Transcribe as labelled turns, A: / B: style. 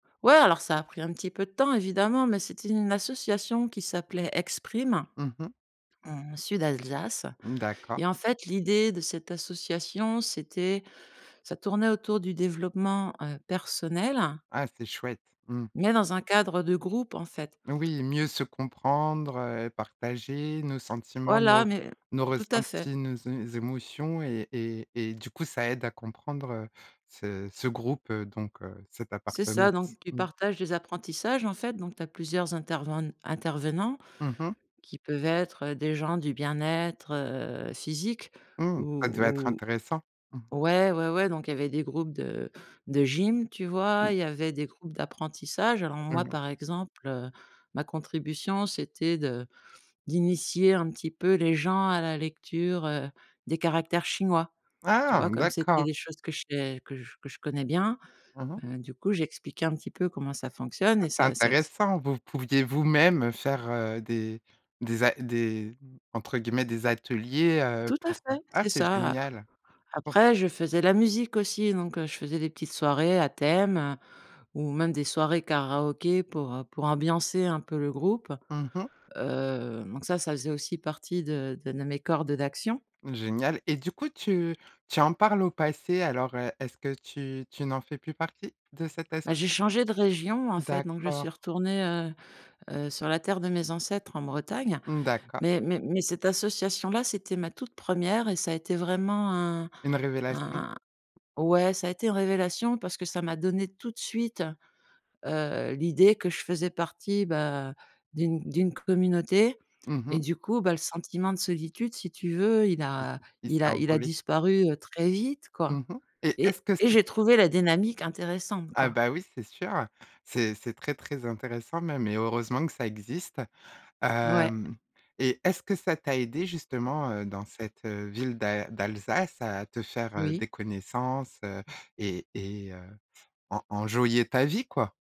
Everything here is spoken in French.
A: Ouais, alors, ça a pris un petit peu de temps, évidemment, mais c'était une association qui s'appelait Exprime,
B: Mmh mh.
A: heu, en Sud Alsace.
B: Mmh d'accord.
A: Et en fait, l'idée de cette association, c'était ça tournait autour du développement, heu, personnel
B: Ah, c'est chouette, mmh.
A: mais dans un cadre, heu, de groupe, en fait.
B: Oui, mieux se comprendre, heu, partager nos sentiments,
A: Voilà,
B: nos
A: mais
B: nos
A: tout à fait.
B: ressentis, nos é émotions et et et du coup ça aide à comprendre, heu, ce ce groupe, heu, donc heu, cette
A: C'est ça,
B: appartenance,
A: donc tu
B: mmh.
A: partages des apprentissages, en fait, donc tu as plusieurs interven intervenants
B: Mmh mh.
A: qui peuvent être, heu, des gens du bien-être, heu, physique
B: Mmh, ça devait être
A: ou
B: intéressant. Mmh.
A: ou ouais, ouais, ouais, donc il y avait des groupes de de gym, tu vois, il y avait des groupes d'apprentissage. Alors
B: Mmh
A: moi,
B: mh.
A: par exemple, heu, ma contribution, c'était de d'initier un petit peu les gens à la lecture, heu, des caractères chinois, tu
B: Ah!
A: vois, comme c'était
B: D'accord.
A: des choses que je sais que que je connais bien,
B: Mmh mh.
A: heu, du coup, j'expliquais un petit peu comment ça fonctionne
B: Ah,
A: et
B: c'est
A: ça ça s
B: intéressant, vous pouviez vous-même, heu, faire, heu, des des a des entre guillemets «des ateliers», heu,
A: Tout à
B: pour, heu,
A: fait,
B: ah,
A: c'est
B: c'est
A: ça.
B: génial! O
A: Après, je faisais la musique aussi, donc heu, je faisais des petites soirées à thème, heu, ou même des soirées karaoké pour, heu, pour ambiancer un peu le groupe,
B: Mmh mh.
A: heu, donc ça, ça faisait aussi partie de de de mes cordes d'action.
B: Génial! Et du coup tu tu en parles au passé alors, heu, est-ce que tu tu n'en fais plus partie de cette
A: Bah, j'ai
B: associa?
A: changé de région, en fait, donc je suis
B: D'accord.
A: retournée, heu heu, sur la terre de mes ancêtres, en Bretagne.
B: Mmh, d'accord.
A: Mais mais mais cette association-là, c'était ma toute 1re et ça a été vraiment un
B: Une révélation?
A: un ouais, ça a été une révélation parce que ça m'a donné tout de suite, heu, l'idée que je faisais partie, bah, d'une d'une communauté
B: Mmh
A: et
B: mh.
A: du coup, bah, le sentiment de solitude, si tu veux, il
B: Il s
A: a
B: il s'est
A: il a il a
B: envolé.
A: disparu, heu, très vite, quoi
B: Mmh mh. Et, est-ce
A: et
B: que
A: et
B: c'est
A: j'ai trouvé la dynamique intéressante,
B: Ah
A: quoi.
B: bah oui, c'est sûr, heu, c'est c'est très, très, intéressant même et heureusement que ça existe!
A: Ouais.
B: Hem et est-ce que ça t'a aidée justement, heu, dans cette, heu, ville d'al d'Alsace à te faire, heu,
A: Oui.
B: des connaissances, heu et et heu, en enjoyer ta vie, quoi?